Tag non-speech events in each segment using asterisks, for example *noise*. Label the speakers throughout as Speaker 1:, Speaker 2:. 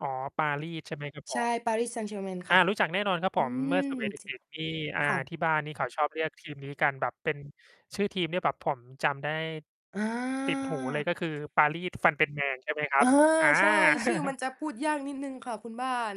Speaker 1: อ๋อ ปารี ใช่ไหม ครับผ
Speaker 2: ใช่
Speaker 1: ม?
Speaker 2: Paris Saint-Germain
Speaker 1: อ
Speaker 2: ค
Speaker 1: า
Speaker 2: ่ะ
Speaker 1: รู้จักแน่นอนครับ
Speaker 2: อ
Speaker 1: ผ
Speaker 2: ื
Speaker 1: ม เมื
Speaker 2: ม
Speaker 1: ่อสมัย เด
Speaker 2: จ
Speaker 1: ็ก ๆ นี่ อ่า
Speaker 2: ค่ะ
Speaker 1: ที่บ้านนี่เขาชอบเรียกทีมนี้กัน แบบเป็นชื่อทีมที่แบบผมจำได้
Speaker 2: อ
Speaker 1: ติดหูเลย
Speaker 2: า
Speaker 1: ก็คือ ปารีสฟันเป็นแมง ใช่ไหมคร
Speaker 2: เอ
Speaker 1: ับ?
Speaker 2: อ
Speaker 1: อา
Speaker 2: ใช่ ชื่อมั
Speaker 1: *chuckles*
Speaker 2: นจะพูดยากนิดหนึ่งค่ะคุณบ้าน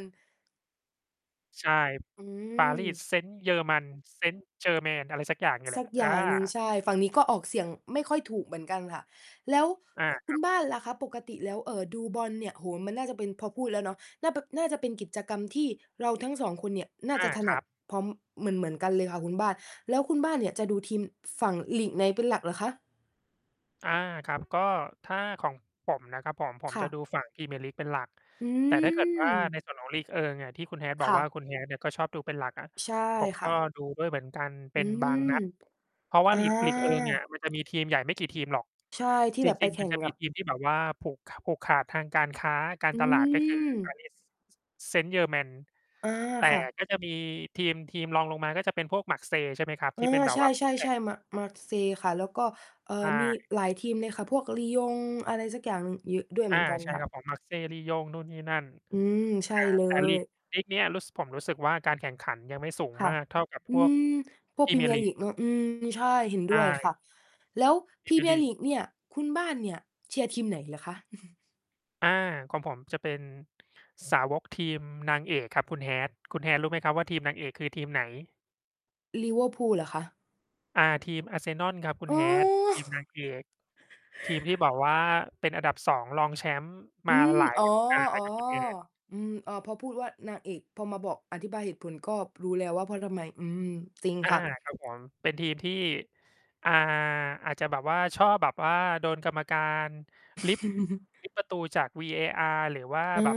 Speaker 1: ใช่
Speaker 2: อื
Speaker 1: Paris
Speaker 2: ม
Speaker 1: Saint German Saint-Germain อะไรสักอย่างนี่แ
Speaker 2: ส
Speaker 1: หล
Speaker 2: ั
Speaker 1: ะ
Speaker 2: กอ
Speaker 1: อ
Speaker 2: ย่างหนึ่ง
Speaker 1: า
Speaker 2: ใช่ ฝั่งนี้ก็ออกเสียงไม่ค่อยถูกเหมือนกันค่ะ แล้ว
Speaker 1: อา
Speaker 2: คุ ค
Speaker 1: ค
Speaker 2: ุ
Speaker 1: รั
Speaker 2: ณ
Speaker 1: บ
Speaker 2: บ้านล่ะคะ ปกติแล้ว เอ่อ ดูบอลเนี่ย โอ้โฮ มันน่าจะเป็น พอพูดแล้วเนาะ น่าเป น่าจะเป็นกิจกรรมที่เราทั้ง 2 คนเนี่ย น่า
Speaker 1: อ
Speaker 2: จ
Speaker 1: า
Speaker 2: ะถ
Speaker 1: ค
Speaker 2: น
Speaker 1: ร
Speaker 2: ั
Speaker 1: ั
Speaker 2: ด
Speaker 1: บ
Speaker 2: พร้อม เหมือน ๆ กันเลยค่ะคุณบ้าน แล้วคุณบ้านเนี่ยจะดูทีมฝั่ง ลีกในเป็นหลักเหรอคะ?
Speaker 1: อา ครับ ก็ถ้าของผมนะครับผม ผม
Speaker 2: ค่
Speaker 1: จ
Speaker 2: ะ
Speaker 1: ะดูฝั่งพรีเมียร์ลีกเป็นหลัก
Speaker 2: อื
Speaker 1: แต่ถ้าเกิดว่าใน
Speaker 2: ม
Speaker 1: ส่วนของลีกเอิงอะ ที่คุณ Hat บ
Speaker 2: ค
Speaker 1: อก
Speaker 2: ่
Speaker 1: ว่า
Speaker 2: ะ
Speaker 1: คุณ Hat เนี่ยก็ชอบดูเป็นหลักอะ
Speaker 2: ใช่
Speaker 1: ผม
Speaker 2: ค
Speaker 1: ก
Speaker 2: ่
Speaker 1: ็
Speaker 2: ะ
Speaker 1: ดูด้วยเหมือนกันเป
Speaker 2: อื
Speaker 1: ็นบางน
Speaker 2: ม
Speaker 1: ัด เพราะว่า
Speaker 2: อ
Speaker 1: ลีก ลีกเอิงเนี่ย
Speaker 2: า
Speaker 1: มันจะมีทีมใหญ่ไม่กี่ทีมหรอก
Speaker 2: ใช่ ที่
Speaker 1: จ
Speaker 2: แบบไ
Speaker 1: ร
Speaker 2: ป
Speaker 1: ิง
Speaker 2: แข
Speaker 1: ๆ ม
Speaker 2: ่
Speaker 1: ัน
Speaker 2: ง
Speaker 1: จะ
Speaker 2: ก
Speaker 1: มี
Speaker 2: ับ
Speaker 1: ทีมที่แบบว่าผูก ข ผูกขาดทางการค้า การ
Speaker 2: อื
Speaker 1: ตลาด ก็ คือ
Speaker 2: ม
Speaker 1: Paris S Saint-Germain
Speaker 2: อา
Speaker 1: แต่
Speaker 2: ค่ะ
Speaker 1: ก็จะมีทีม ทีมรองลงมาก็จะเป็นพวก Marseille ใช่ไหมครับ
Speaker 2: อ
Speaker 1: ที่
Speaker 2: า
Speaker 1: เป็นแบ
Speaker 2: ใ
Speaker 1: บว่า คู่แข
Speaker 2: ช
Speaker 1: ่ง
Speaker 2: ่ ๆ ๆ Mar Marseille ค่ะ แล้วก็ เอ่
Speaker 1: ใช
Speaker 2: อ มี
Speaker 1: ่
Speaker 2: หลายทีมเลยค่ะ พวก Lyon อะไรสักอย่างหนึ่ง เยอะด้วยเ
Speaker 1: อ
Speaker 2: หม
Speaker 1: า
Speaker 2: ือนกัน
Speaker 1: ใช่
Speaker 2: ค่ะ
Speaker 1: ครับผม Marseille Lyon นู่นนี่นั่น
Speaker 2: อื
Speaker 1: อ
Speaker 2: ม ใช่
Speaker 1: ่า
Speaker 2: เล
Speaker 1: แต่ลี
Speaker 2: ย
Speaker 1: ก ลีกเนี้ย รู้ ส ผมรู้สึกว่า การแข่งขันยังไม่สูง
Speaker 2: ค่
Speaker 1: ม
Speaker 2: ะ
Speaker 1: ากเท่ากับ
Speaker 2: อ
Speaker 1: พ
Speaker 2: ื
Speaker 1: วก
Speaker 2: ม พว
Speaker 1: พ
Speaker 2: ก
Speaker 1: รี
Speaker 2: พรี
Speaker 1: เม
Speaker 2: เ
Speaker 1: ี
Speaker 2: ม
Speaker 1: ย
Speaker 2: ี
Speaker 1: ร์
Speaker 2: ยร
Speaker 1: ลี
Speaker 2: ์ลี
Speaker 1: ก
Speaker 2: กเนาะ อืม ใช่ เห็น
Speaker 1: ใช
Speaker 2: ด้วยค
Speaker 1: ่
Speaker 2: ่ะ แล้ว
Speaker 1: พ
Speaker 2: พ
Speaker 1: รี
Speaker 2: รี
Speaker 1: เมี
Speaker 2: เ
Speaker 1: ย
Speaker 2: ม
Speaker 1: ร์
Speaker 2: ี
Speaker 1: ล
Speaker 2: ยร
Speaker 1: ี
Speaker 2: ์ล
Speaker 1: ก
Speaker 2: ีกเนี่ย คุณบ้านเนี่ยเชียร์ทีมไหนเหรอคะ? *chuckles*
Speaker 1: อา ของผมจะเป็นสาวกทีมนางเอกครับคุณ Hat คุณ Hat รู้ไหมครับว่า ทีมนางเอกคือทีมไหน?
Speaker 2: ลิเวอร์พูลเหรอคะ?
Speaker 1: อา ทีมอาร์เซนอล ครับคุณ
Speaker 2: อ๋
Speaker 1: Hat
Speaker 2: อ
Speaker 1: ทีมนา
Speaker 2: *chuckles*
Speaker 1: งเอก ทีมที่ บอกว่า เป็นอันดับ 2 รองแชมป์
Speaker 2: อ
Speaker 1: ม
Speaker 2: ื
Speaker 1: า
Speaker 2: ม
Speaker 1: หลาย
Speaker 2: อ๋อ
Speaker 1: ฤดูกาลเลยครับคุณ Hat
Speaker 2: ๆ อืม อ้อ พอพูดว่านางเอก พอมาบอกอธิบายเหตุผลก็รู้แล้วว่า เพราะทำไม อืม จริง
Speaker 1: อา
Speaker 2: ค่ะ
Speaker 1: ครับผม เป็นทีมที่ อ่า อาจจะแบบว่า ชอบแบบว่าโดนกรรมการริบ
Speaker 2: *chuckles*
Speaker 1: ริบ ประตูจาก VAR หรือว่า
Speaker 2: อ
Speaker 1: แบบ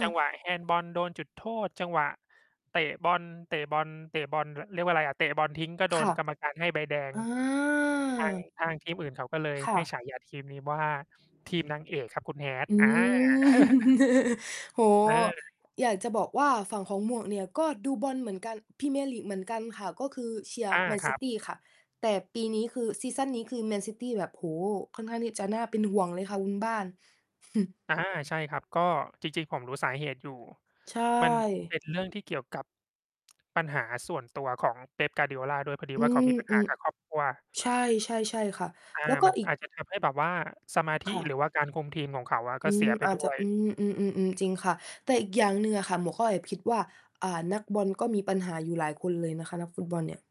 Speaker 1: จังหวะแฮนด์บอลโดนจุดโทษ จังหวะเตะบอล เตะบอล เตะบอล ร เรียกว่าอะไรอะ เตะบอลทิ้งก็โด
Speaker 2: ค่
Speaker 1: น
Speaker 2: ะ
Speaker 1: กรรมการให้ใบแดง
Speaker 2: อา
Speaker 1: ทาง ทาง ทีมอื่นเขาก็เลย
Speaker 2: ค่
Speaker 1: ให้
Speaker 2: ะ
Speaker 1: ฉายาทีมนี้ว่า ทีมนางเอกครับคุณ Hat
Speaker 2: อื
Speaker 1: อา
Speaker 2: ม
Speaker 1: *chuckles*
Speaker 2: *chuckles* โอ้โฮ
Speaker 1: เออ
Speaker 2: อยากจะบอกว่าฝั่งของหมวกเนี่ย ก็ดูบอลเหมือนกัน พรีเมียร์ลีกเหมือนกันค่ะ ก็คือเชียร์
Speaker 1: อา
Speaker 2: แมน
Speaker 1: ค
Speaker 2: ซ
Speaker 1: ร
Speaker 2: ิ
Speaker 1: ับ
Speaker 2: ตี้ค่ะ แต่ปีนี้คือ ซีซั่นนี้คือแมนซิตี้แบบ โอ้โฮ ค่อนข้างที่จะน่าเป็นห่วงเลยค่ะคุณบ้าน *chuckles*
Speaker 1: อา ใช่ครับ ก็ จริง ๆ ผมรู้สาเหตุอยู่
Speaker 2: ใช
Speaker 1: มัน
Speaker 2: ่
Speaker 1: เป็นเรื่องที่เกี่ยวกับ ปัญหาส่วนตัวของ Pep Guardiola ด้วยพอดี
Speaker 2: อื
Speaker 1: ว่า เขามีปัญหา
Speaker 2: ม
Speaker 1: กับครอบครัว
Speaker 2: ๆ ใช่ ๆ ๆ ค่ะ
Speaker 1: อา
Speaker 2: แล้วก็
Speaker 1: มัน
Speaker 2: อีก
Speaker 1: อาจจะทำให้ แบบว่าสมาธิ
Speaker 2: ค่ะ
Speaker 1: หรือว่าการคุมทีมของเขาอะก
Speaker 2: อื
Speaker 1: ็เส
Speaker 2: ม
Speaker 1: ียไป
Speaker 2: อา
Speaker 1: ด
Speaker 2: จ
Speaker 1: ้
Speaker 2: จะ
Speaker 1: วย
Speaker 2: อืม ๆ ๆ ๆ จริงค่ะ แต่อีกอย่างหนึ่งอะค่ะ หมวกก็แอบคิดว่า อ่า นักบอลก็มีปัญหาอยู่หลายคนเลยนะคะ นักฟุตบอลเนี่ย